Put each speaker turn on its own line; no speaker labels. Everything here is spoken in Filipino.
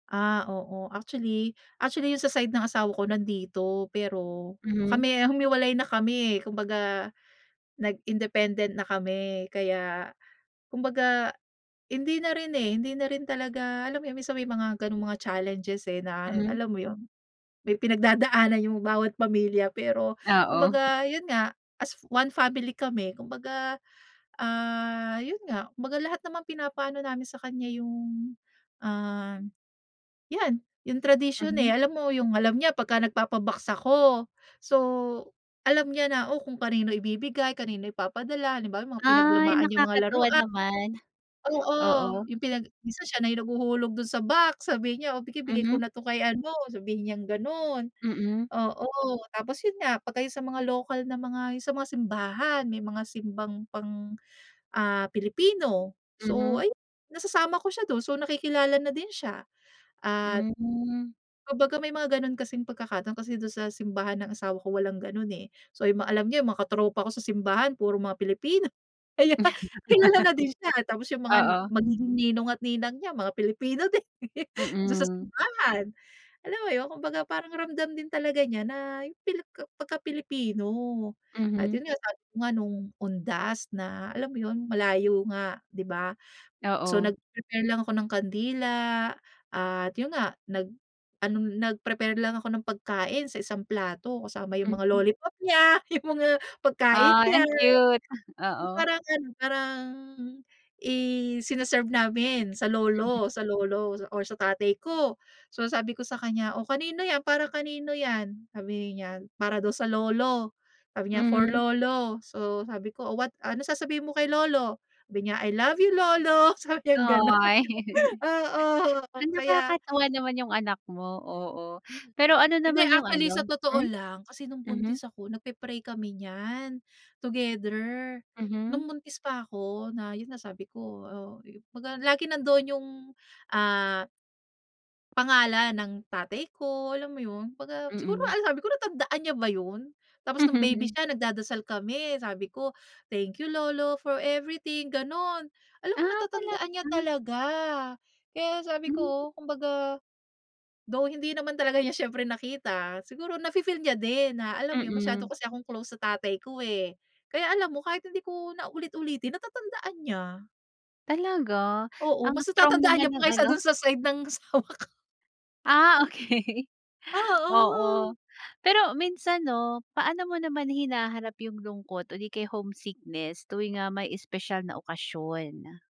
Ah, oo, actually actually, yung sa side ng asawa ko, nandito, pero,
Mhm.
kami humiwalay na kami eh, kumbaga nag-independent na kami, kaya kumbaga, hindi na rin eh, hindi na rin talaga, alam mo 'yon, minsan may mga gano'ng mga challenges, eh, na,
Hmm.
alam mo yo'n, may pinagdadaanan yung bawat pamilya. Pero
Oo.
kumbaga, 'yon nga, as one family kami, kumbaga, ah, 'yon nga, kumbaga lahat namang pinapaano namin sa kanya, yung, ah, yan, yung tradisyon,
Mhm.
eh, alam mo, yung alam niya 'pag nagpapa-box ako. So, alam niya na, oh, kung kanino ibibigay, kanino ipapadala, halimbawa, yung mga
Ay,
pinaglumaan niyang mga
nakakatuwa
larua
naman.
Oo,
Oo.
yung pinag minsan siya na yung naghuhulog do'n sa box, sabi niya, "Oh, bigay-bigay
Mhm.
ko na 'to kay ano", sabihin niyang gano'n.
Mm.
Oo, tapos, 'yon nga, pagka yung sa mga lokal na mga, 'yon sa mga simbahan, may mga simbang pang, ah, Pilipino, so,
Mhm.
ayun, nasasama ko siya do'n, so, nakikilala na din siya. At
Hmm.
kumbaga may mga gano'n kasing pagkakataon, kasi do'n sa simbahan ng asawa ko, walang gano'n eh. So, yung ma alam niya, yung mga katropa ko sa simbahan, puro mga Pilipino. Kaya kilala na din siya, tapos yung mga,
Oo.
magiging ninong at ninang niya, mga Pilipino din, do'n sa
Mm.
simbahan, alam mo 'yon? Kumbaga, parang ramdam din talaga niya na, yung pili ka pagka Pilipino. At,
Mhm.
'yon nga, sabi ko nga no'ng, undas, na, alam mo 'yon, malayo nga, di ba? So,
Oo.
nag-prepare lang ako ng kandila, at 'yon nga, nag-ano, nag-prepare lang ako ng pagkain sa isang plato, kasama yung mga
Mhm.
lollipop niya, yung mga, pagkain
Ay,
niya.
ang cute,
Yung
oo.
parang ano, parang isine-serve namin sa
Mhm.
lolo sa lolo, or sa tatay ko. So, sabi ko sa kanya, "O, kanino yan, para kanino yan?", sabihin niya para daw sa lolo, sabi niya "For
Mhm.
lolo". So, sabi ko, "O what ano, sasabihin mo kay Lolo", sabi niya, "I love you lolo", sabi niyang gano'n,
Ay.
oo, oo, kaya
Nakakatawa naman yung anak mo, oo.
Hmm,
Pero ano
hindi
naman yung
actually, sa
ano
totoo
hmm?
lang, kasi no'ng
Mhm.
buntis ako, nagpe-pray kami niyan, together,
Mhm.
no'ng buntis pa ako na, 'yon na, sabi ko, oh, kumbaga, lagi nandoon yung, ah pangalan ng tatay ko, alam mo 'yon, kumbaga, siguro
Mm.
alam sabi ko natandaan niya ba 'yon? Tapos no'ng baby siya nagdadasal kami, sabi ko, "Thank you lolo for everything", gano'n. Alam mo,
Ah, talaga?
natatandaan niya talaga. Kaya sabi
Hmm.
ko, kumbaga, though, hindi naman talaga niya siyempre nakita, siguro nafi-feel niya din, na, alam mo 'yon, masyado
Mm.
kasi akong close sa tatay ko eh. Kaya alam mo, kahit hindi ko na ulit-ulitin, natatandaan niya.
Talaga?
Oo,
Ang
mas
strong
natatandaan
naman
niya
ng
pa, kaysa
ano.
do'n sa side ng, asawa ko.
Ah, okey.
Oo.
Oo, pero minsan 'no, paano mo naman hinaharap yung lungkot, o 'di kaya homesickness, tuwing, ah, may espesyal na okasyon?